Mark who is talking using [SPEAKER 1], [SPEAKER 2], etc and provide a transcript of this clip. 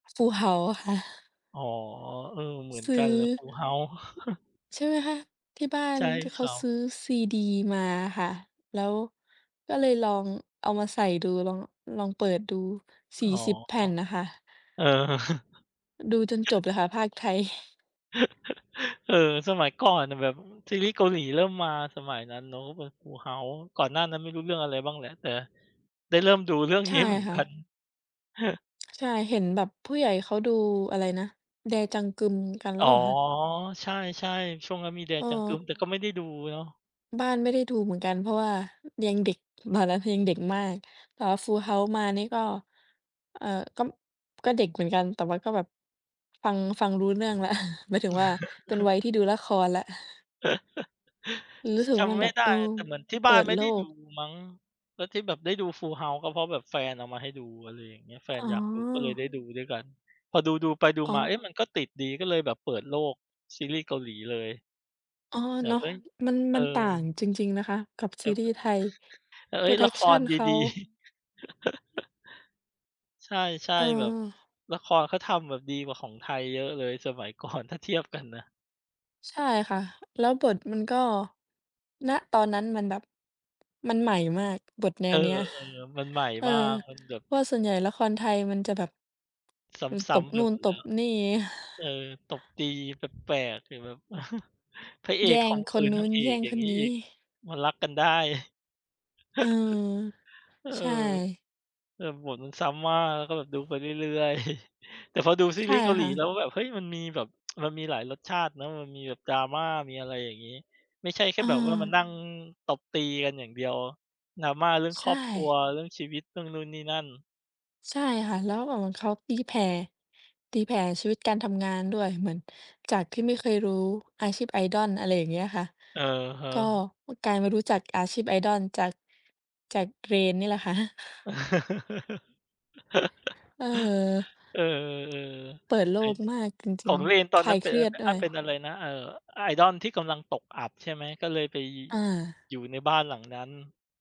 [SPEAKER 1] Full House ค่ะ
[SPEAKER 2] อ๋อ เออ เหมือน
[SPEAKER 1] ซ
[SPEAKER 2] ก
[SPEAKER 1] ื
[SPEAKER 2] ัน
[SPEAKER 1] ้อ
[SPEAKER 2] เลย Full House
[SPEAKER 1] ใช่ไหมคะ ที่บ้า
[SPEAKER 2] ใ
[SPEAKER 1] น
[SPEAKER 2] ช่
[SPEAKER 1] เ
[SPEAKER 2] ค
[SPEAKER 1] ขา
[SPEAKER 2] รับ
[SPEAKER 1] ซื้อซีดีมาค่ะ แล้วก็เลยลองเอามาใส่ดู ลอง ลองเปิดดู ส
[SPEAKER 2] อ๋
[SPEAKER 1] ี่
[SPEAKER 2] อ
[SPEAKER 1] สิบ แผ่นน่ะค่ะ
[SPEAKER 2] เออ
[SPEAKER 1] ดูจนจบเลยค่ะ พากย์ไทย
[SPEAKER 2] เออ สมัยก่อนน่ะแบบ อ ซีรีส์เกาหลีเริ่มมา สมัยนั้นเนาะก็เป็น Full House ก่อนหน้านั้นไม่รู้เรื่องอะไรบ้างแหละ แต่ได้เริ่มดูเรื่อง
[SPEAKER 1] ใช
[SPEAKER 2] นี้
[SPEAKER 1] ่
[SPEAKER 2] เหมือน
[SPEAKER 1] ค่
[SPEAKER 2] ก
[SPEAKER 1] ะ
[SPEAKER 2] ัน
[SPEAKER 1] ใช่ เห็นแบบผู้ใหญ่เขาดู อะไรนะ Dae Jang-geum กันแ
[SPEAKER 2] อ
[SPEAKER 1] ล้
[SPEAKER 2] ๋อ
[SPEAKER 1] วเหรอคะ?
[SPEAKER 2] ใช่ ๆ ช่วงนั้นมี Dae Jang-geum
[SPEAKER 1] เออ
[SPEAKER 2] Dae แต่ก็ไม่ได้ดูเนาะ
[SPEAKER 1] บ้านไม่ได้ดูเหมือนกัน เพราะว่า ยังเด็ก ตอนนั้นคือยังเด็กมาก แต่ว่า Full House มานี่ก็ เอ่อ ก็ ก็เด็กเหมือนกัน แต่มันก็แบบ ฟัง ฟังรู้เรื่องแล้ว หมายถึงว่าเป็นวัยที่ดูละครแล้ว ร
[SPEAKER 2] ช
[SPEAKER 1] ู้สึก
[SPEAKER 2] จ
[SPEAKER 1] ว่ามั
[SPEAKER 2] ำ
[SPEAKER 1] น
[SPEAKER 2] ไ
[SPEAKER 1] แ
[SPEAKER 2] ม
[SPEAKER 1] บ
[SPEAKER 2] ่
[SPEAKER 1] บ
[SPEAKER 2] ได
[SPEAKER 1] เอ
[SPEAKER 2] ้
[SPEAKER 1] อ
[SPEAKER 2] แต่เหมือนที่
[SPEAKER 1] เ
[SPEAKER 2] บ
[SPEAKER 1] ป
[SPEAKER 2] ้
[SPEAKER 1] ิ
[SPEAKER 2] าน
[SPEAKER 1] ด
[SPEAKER 2] ไม่
[SPEAKER 1] โล
[SPEAKER 2] ได้ด
[SPEAKER 1] ก
[SPEAKER 2] ูมั้ง แล้วที่แบบได้ดู Full House ก็เพราะแบบแฟนเอามาให้ดู อะไรอย่างเงี้ย แฟน
[SPEAKER 1] อ๋
[SPEAKER 2] อยากดูก็เลยได
[SPEAKER 1] อ
[SPEAKER 2] ้ดูด้วยกัน พอดู ดูไป
[SPEAKER 1] ฮ
[SPEAKER 2] ดู
[SPEAKER 1] อ๋
[SPEAKER 2] มา เอ๊ะ
[SPEAKER 1] อ
[SPEAKER 2] มันก็ติดดี ก็เลยแบบเปิดโลกซีรีส์เกาหลีเลย
[SPEAKER 1] อ๋อ
[SPEAKER 2] แบ
[SPEAKER 1] เนา
[SPEAKER 2] บ
[SPEAKER 1] ะ
[SPEAKER 2] เอ๊ย
[SPEAKER 1] มัน
[SPEAKER 2] เอ
[SPEAKER 1] มันต่าง
[SPEAKER 2] อ
[SPEAKER 1] จริง ๆ นะคะ กับ
[SPEAKER 2] แบ
[SPEAKER 1] ซี
[SPEAKER 2] บ
[SPEAKER 1] ร
[SPEAKER 2] ว
[SPEAKER 1] ี
[SPEAKER 2] ่
[SPEAKER 1] ส์
[SPEAKER 2] า
[SPEAKER 1] ไทย
[SPEAKER 2] เออ เอ๊ย ละคร
[SPEAKER 1] production เขา
[SPEAKER 2] ดี ๆ ใช่
[SPEAKER 1] เ
[SPEAKER 2] ๆ แบบ
[SPEAKER 1] ออ
[SPEAKER 2] ละครเขาทำแบบดีกว่าของไทยเยอะเลยสมัย ก่อน ถ้าเทียบกันนะ
[SPEAKER 1] ใช่ค่ะ แล้วบทมันก็ ณ ตอนนั้นมันแบบมันใหม่มากบทแน
[SPEAKER 2] เอ
[SPEAKER 1] ว
[SPEAKER 2] อ
[SPEAKER 1] นี้อะ
[SPEAKER 2] ๆ มันใหม่
[SPEAKER 1] เออ
[SPEAKER 2] มาก มันแบบ
[SPEAKER 1] เพราะว่าส่วนใหญ่ละครไทยมันจะแบบ
[SPEAKER 2] ซ
[SPEAKER 1] มันต
[SPEAKER 2] ้
[SPEAKER 1] บ
[SPEAKER 2] ำ ๆ ไป
[SPEAKER 1] นู่
[SPEAKER 2] ห
[SPEAKER 1] น
[SPEAKER 2] มด
[SPEAKER 1] ต
[SPEAKER 2] แล้
[SPEAKER 1] บ
[SPEAKER 2] ว
[SPEAKER 1] นี่
[SPEAKER 2] เออ ตบตี แปลก ๆ ถึงแบบ พระเอ
[SPEAKER 1] แย
[SPEAKER 2] ก
[SPEAKER 1] ่
[SPEAKER 2] ข
[SPEAKER 1] ง
[SPEAKER 2] ่มข
[SPEAKER 1] ค
[SPEAKER 2] ื
[SPEAKER 1] น
[SPEAKER 2] น
[SPEAKER 1] น
[SPEAKER 2] น
[SPEAKER 1] ู
[SPEAKER 2] า
[SPEAKER 1] ้
[SPEAKER 2] ง
[SPEAKER 1] น
[SPEAKER 2] เอ
[SPEAKER 1] แย
[SPEAKER 2] ก
[SPEAKER 1] ่ง
[SPEAKER 2] อย่
[SPEAKER 1] ค
[SPEAKER 2] าง
[SPEAKER 1] น
[SPEAKER 2] งี้
[SPEAKER 1] น
[SPEAKER 2] อ
[SPEAKER 1] ี
[SPEAKER 2] ี
[SPEAKER 1] ้
[SPEAKER 2] ก มันรักกันได้
[SPEAKER 1] เออ
[SPEAKER 2] เออ
[SPEAKER 1] ใช่
[SPEAKER 2] เออ แบบบทมันซ้ำมาก แล้วก็แบบดูไปเรื่อย ๆ แต่พอดู ซี
[SPEAKER 1] ใช
[SPEAKER 2] ร
[SPEAKER 1] ่
[SPEAKER 2] ีส์เกาห
[SPEAKER 1] ค
[SPEAKER 2] ลี
[SPEAKER 1] ่
[SPEAKER 2] แ
[SPEAKER 1] ะ
[SPEAKER 2] ล้วแบบ เฮ้ย มันมีแบบ มันมีหลายรสชาติเนาะ มันมีแบบ drama มีอะไรอย่างงี้ ไม่ใช่แค่แบบว่ามา
[SPEAKER 1] เออ
[SPEAKER 2] นั่งตบตีกันอย่างเดียว drama เรื่อง
[SPEAKER 1] ใช
[SPEAKER 2] ครอบครัว
[SPEAKER 1] ่
[SPEAKER 2] เรื่องชีวิต เรื่องนู่นนี่นั่น
[SPEAKER 1] ใช่ค่ะ แล้วก็แบบเหมือนเขาตีแผ่ ตีแผ่ชีวิตการทำงานด้วย เหมือนจากที่ไม่เคยรู้อาชีพ Idol อะไรอย่างเงี้ยค่ะ
[SPEAKER 2] อะฮะ
[SPEAKER 1] ก็ อุ๊ย กลายมารู้จักอาชีพ idol จาก จาก Rain นี่แหละค่ะ เออ
[SPEAKER 2] เออ
[SPEAKER 1] เปิดโ
[SPEAKER 2] ๆ
[SPEAKER 1] ล
[SPEAKER 2] เฮ่ย
[SPEAKER 1] กมากจ
[SPEAKER 2] ข
[SPEAKER 1] ริ
[SPEAKER 2] อ
[SPEAKER 1] ง
[SPEAKER 2] ง Rain ตอ
[SPEAKER 1] ๆ ค
[SPEAKER 2] น
[SPEAKER 1] ล
[SPEAKER 2] นั
[SPEAKER 1] า
[SPEAKER 2] ้น
[SPEAKER 1] ย
[SPEAKER 2] เป
[SPEAKER 1] เ
[SPEAKER 2] ็
[SPEAKER 1] ค
[SPEAKER 2] นอ
[SPEAKER 1] รี
[SPEAKER 2] ะ
[SPEAKER 1] ย
[SPEAKER 2] ไ
[SPEAKER 1] ด
[SPEAKER 2] ร
[SPEAKER 1] ด
[SPEAKER 2] อ
[SPEAKER 1] ้
[SPEAKER 2] า
[SPEAKER 1] ว
[SPEAKER 2] เป็น
[SPEAKER 1] ย
[SPEAKER 2] อะไรนะ เอ่อ อ idol ที่กำลังตกอับใช่ไหม? ก็เลยไป
[SPEAKER 1] อา
[SPEAKER 2] อยู่ในบ้าน หลังนั้น